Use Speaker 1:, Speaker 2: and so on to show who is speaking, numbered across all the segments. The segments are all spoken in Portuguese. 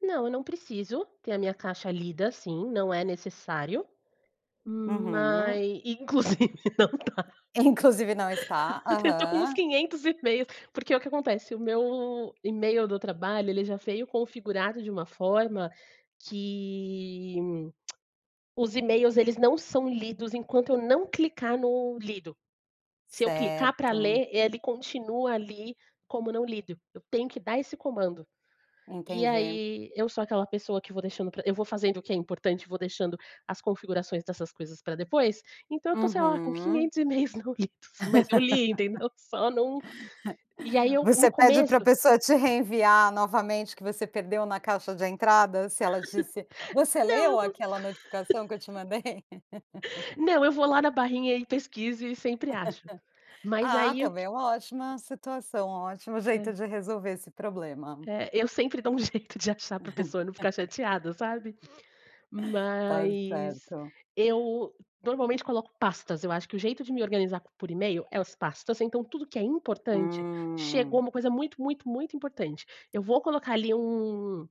Speaker 1: Não, eu não preciso ter a minha caixa lida, assim, não é necessário,
Speaker 2: Uhum.
Speaker 1: mas e inclusive não dá.
Speaker 2: Inclusive não está,
Speaker 1: Eu tenho tô com uns
Speaker 2: aham.
Speaker 1: 500 e-mails, porque, o que acontece: o meu e-mail do trabalho ele já veio configurado de uma forma que os e-mails eles não são lidos enquanto eu não clicar no lido. Se eu clicar pra
Speaker 2: Certo.
Speaker 1: ler, ele continua ali como não lido, eu tenho que dar esse comando. E,
Speaker 2: Entendi.
Speaker 1: aí, eu sou aquela pessoa que vou deixando pra eu vou fazendo o que é importante, vou deixando as configurações dessas coisas pra depois, então eu tô, sei lá, com
Speaker 2: Uhum.
Speaker 1: 500 e-mails não lidos, mas eu li, entendeu, só não e, aí, eu, no
Speaker 2: Você pede
Speaker 1: começo
Speaker 2: pra pessoa te reenviar novamente que você perdeu na caixa de entrada? Se ela disse: "Você
Speaker 1: Não, eu
Speaker 2: leu
Speaker 1: bus
Speaker 2: aquela notificação que eu te mandei?"
Speaker 1: Não eu vou lá na barrinha e pesquiso e sempre acho. Mas
Speaker 2: Ah,
Speaker 1: aí o
Speaker 2: também
Speaker 1: que
Speaker 2: é uma ótima situação, ótima jeito
Speaker 1: É.
Speaker 2: de resolver esse problema.
Speaker 1: É, eu sempre dou um jeito de achar pra pessoa não ficar chateada, sabe,
Speaker 2: Tá
Speaker 1: mas
Speaker 2: certo.
Speaker 1: eu normalmente coloco pastas, eu acho que o jeito de me organizar por e-mail é as pastas, então tudo que é importante chegou
Speaker 2: Hum.
Speaker 1: uma coisa muito muito muito importante, eu vou colocar ali um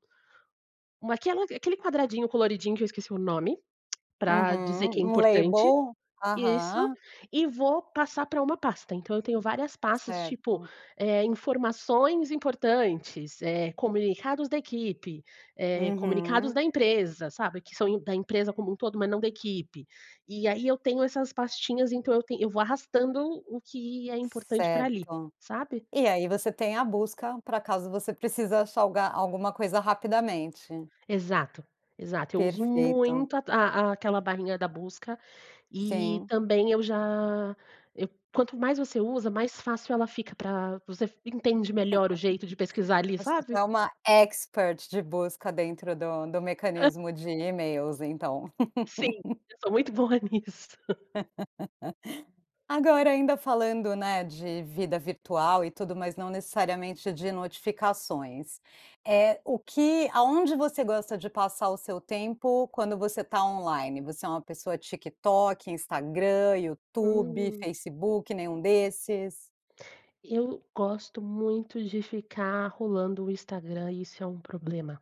Speaker 1: Uma aquela aquele quadradinho coloridinho que eu esqueci o nome, pra dizer que é
Speaker 2: Uhum, um
Speaker 1: importante.
Speaker 2: label,
Speaker 1: Isso,
Speaker 2: aham.
Speaker 1: e vou passar pra uma pasta. Então eu tenho várias pastas, tipo,
Speaker 2: Certo.
Speaker 1: eh, "informações importantes", eh, "comunicados da equipe", eh, "comunicados
Speaker 2: Uhum.
Speaker 1: da empresa", sabe, que são im da empresa como um todo, mas não da equipe. E, aí, eu tenho essas pastinhas, então eu ten eu vou arrastando o que é importante pra ali,
Speaker 2: Certo.
Speaker 1: sabe?
Speaker 2: E aí você tem a busca, pra caso você precisa achar o ga alguma coisa rapidamente.
Speaker 1: Exato, exato. Eu uso
Speaker 2: Perfeito.
Speaker 1: muito a a aquela barrinha da busca e
Speaker 2: Sim.
Speaker 1: também eu já eu quanto mais você usa, mais fácil ela fica pra você f entende melhor o jeito de pesquisar ali,
Speaker 2: Você já
Speaker 1: sabe?
Speaker 2: é uma expert de busca dentro do do mecanismo de e-mails, então.
Speaker 1: Sim, eu sou muito boa nisso.
Speaker 2: Agora, ainda falando, né, de vida virtual e tudo, mas não necessariamente de notificações, eh, o que aonde você gosta de passar o seu tempo quando você tá on-line? Você é uma pessoa TikTok, Instagram, YouTube,
Speaker 1: Uhum.
Speaker 2: Facebook, nenhum desses?
Speaker 1: Eu gosto muito de ficar rolando o Instagram e isso é um problema.